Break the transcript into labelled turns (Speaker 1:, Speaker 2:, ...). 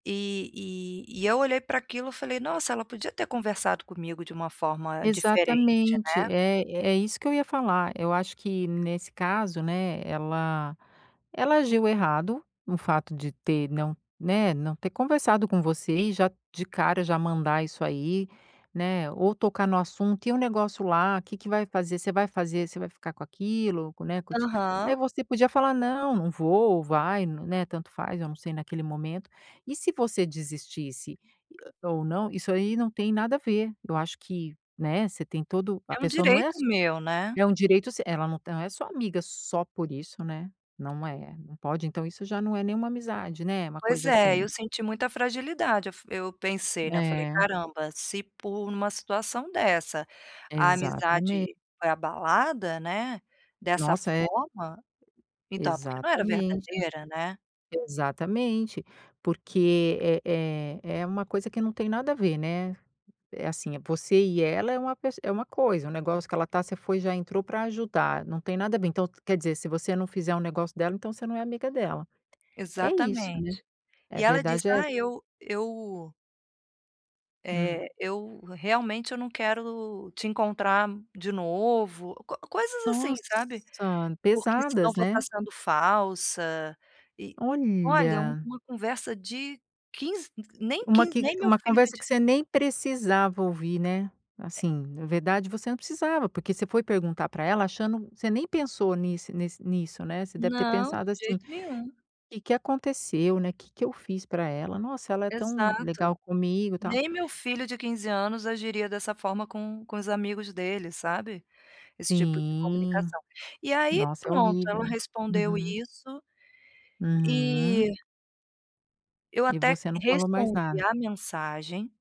Speaker 1: Eh, e e eu olhei pra aquilo eu falei: "Nossa, ela podia ter conversado comigo de uma forma diferente,"
Speaker 2: Exatamente.
Speaker 1: né?
Speaker 2: É é isso que eu ia falar, eu acho que nesse caso, né, ela ela agiu errado no fato de ter não né, não ter conversado com você, e já de cara já mandar isso aí, né, ou tocar no assunto: "E o negócio lá? Que que vai fazer? Você vai fazer? Você vai ficar com aquilo? Com né, com te".
Speaker 1: Aham.
Speaker 2: Aí, você podia falar: "Não, não vou vai no". Né. Tanto faz, eu não sei naquele momento. E se você desistisse ou não, isso aí não tem nada a ver. Eu acho que, né, você tem todo a
Speaker 1: É um
Speaker 2: pessoa não é
Speaker 1: direito
Speaker 2: s
Speaker 1: meu, né?
Speaker 2: é um direito seu, ela não tá não é sua amiga só por isso, né. Não é não pode. Então, isso já não é nenhuma amizade, né, uma
Speaker 1: Pois
Speaker 2: coisa
Speaker 1: é, eu
Speaker 2: assim
Speaker 1: senti muita fragilidade, eu f eu pensei, né, eu falei:
Speaker 2: É.
Speaker 1: "Caramba, se por uma situação dessa a
Speaker 2: Exatamente.
Speaker 1: amizade foi abalada, né, dessa
Speaker 2: Nossa! É
Speaker 1: forma, então, por que não era
Speaker 2: Exatamente,
Speaker 1: verdadeira". Né?
Speaker 2: exatamente. Porque, é é é uma coisa que não tem nada a ver, né. É assim, é você e ela é uma pes é uma coisa, um negócio que ela tá você foi já entrou pra ajudar. Não tem nada a ver, então, quer dizer se você não fizer o negócio dela, então, você não é amiga dela. É isso, né,
Speaker 1: Exatamente.
Speaker 2: a
Speaker 1: E ela disse:
Speaker 2: verdade é essa.
Speaker 1: "Ah eu eu"
Speaker 2: Hum.
Speaker 1: eh, eu realmente eu não quero te encontrar de novo, co coisas assim, sabe?
Speaker 2: Nossa!
Speaker 1: "Porque senão
Speaker 2: Pesadas,
Speaker 1: vou tá
Speaker 2: né?
Speaker 1: sendo falsa". E, olha, é
Speaker 2: Olha!
Speaker 1: uma conversa de 15 nem
Speaker 2: Uma
Speaker 1: 15,
Speaker 2: que
Speaker 1: nem meu
Speaker 2: uma
Speaker 1: filho
Speaker 2: conversa
Speaker 1: de
Speaker 2: que você nem precisava ouvir, né.
Speaker 1: É.
Speaker 2: Assim, na verdade, você não precisava porque você foi perguntar pra ela, achando você nem pensou nisse nesse nisso, né. Você deve ter
Speaker 1: Não,
Speaker 2: pensado,
Speaker 1: de
Speaker 2: assim:
Speaker 1: jeito nenhum.
Speaker 2: "Que que aconteceu, né? Que que eu fiz pra ela? Nossa ela é tão
Speaker 1: Exato.
Speaker 2: legal comigo, tal".
Speaker 1: Nem meu filho de 15 anos agiria dessa forma com com os amigos dele, sabe. Esse tipo de
Speaker 2: Sim!
Speaker 1: comunicação. E aí,
Speaker 2: Nossa, é
Speaker 1: pronto ela
Speaker 2: horrível.
Speaker 1: respondeu
Speaker 2: Uhum.
Speaker 1: isso,
Speaker 2: Uhum.
Speaker 1: eh eu
Speaker 2: E
Speaker 1: até
Speaker 2: você não falou mais
Speaker 1: respondi
Speaker 2: nada?
Speaker 1: a mensagem